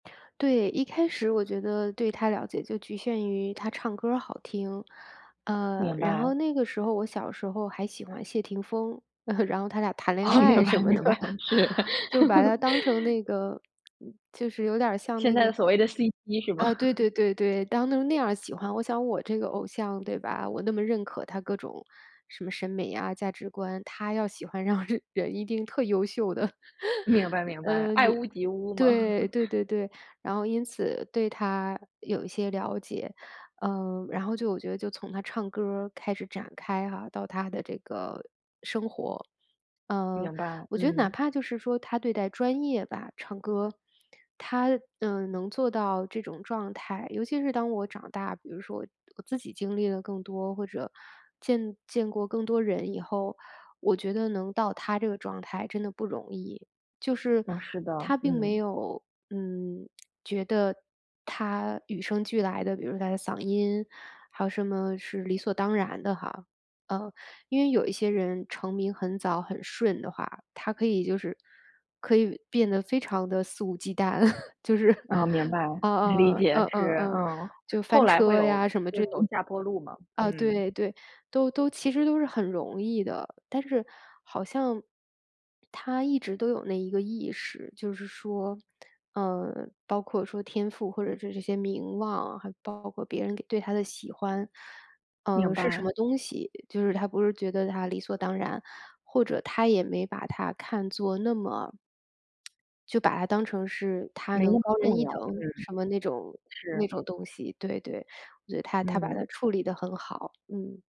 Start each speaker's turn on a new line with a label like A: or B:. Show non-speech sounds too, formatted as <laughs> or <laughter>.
A: 对，一开始我觉得对她了解就局限于她唱歌儿好听，呃，
B: 明
A: 然
B: 白。
A: 后那个时候我小时候还喜欢谢霆锋，<chuckles> 然后他俩谈恋
B: 哦，明
A: 爱
B: 白
A: 什么的。
B: 明白，是。
A: <chuckles> 就把她当成
B: <laughs>
A: 那个就是有点儿像
B: 现
A: 那
B: 在的
A: 个
B: 所谓的 CP 是吗？
A: 啊，对对
B: <chuckles>
A: 对对，当成那样儿喜欢，我想我这个偶像对吧？我那么认可她各种，什么审美呀，价值观，她要喜欢让人一定特优秀的。<chuckles>
B: 明白明白，
A: 嗯，
B: 爱
A: 你
B: 屋及乌嘛。<chuckles>
A: 对对对对，然后因此对她有一些了解。嗯，然后就我觉得就从她唱歌儿开始展开哈，到她的这个生活，嗯，
B: 明白，
A: 我觉得哪
B: 嗯。
A: 怕就是说她对待专业吧唱歌她，嗯，能做到这种状态，尤其是当我长大比如说我自己经历的更多，或者见见过更多人以后，我觉得能到她这个状态真的不容易。就是
B: 哦，是的，
A: 她并没
B: 嗯。
A: 有，嗯，觉得她与生俱来的，比如她的嗓音还有什么是理所当然的哈。嗯，因为有一些人成名很早很顺的话，她可以就是可以变得非常地肆无忌惮，<chuckles> 就是，
B: 嗯，明
A: <chuckles>
B: 白。
A: 嗯
B: 理
A: 嗯
B: 解，
A: 嗯嗯
B: 是，
A: 嗯，
B: 嗯，
A: 就
B: 后
A: 翻
B: 来会
A: 车呀
B: 有
A: 什么之
B: 会
A: 类。
B: 走下坡路嘛，
A: 啊，
B: 嗯。
A: 对对，都都其实都是很容易的，但是好像，她一直都有那一个意识，就是说嗯，包括说天赋或者是这些名望，还包括别人对她的喜欢，
B: 明
A: 嗯，是什
B: 白。
A: 么东西，就是她不是觉得她理所当然，或者她也没把它看作那么就把它当成是她
B: 没那
A: 能
B: 么
A: 高人
B: 重
A: 一
B: 要，
A: 等
B: 嗯。
A: 什么那种
B: 是。
A: 那种东西，对对，所以她她把
B: 嗯。
A: 它处理得很好，嗯。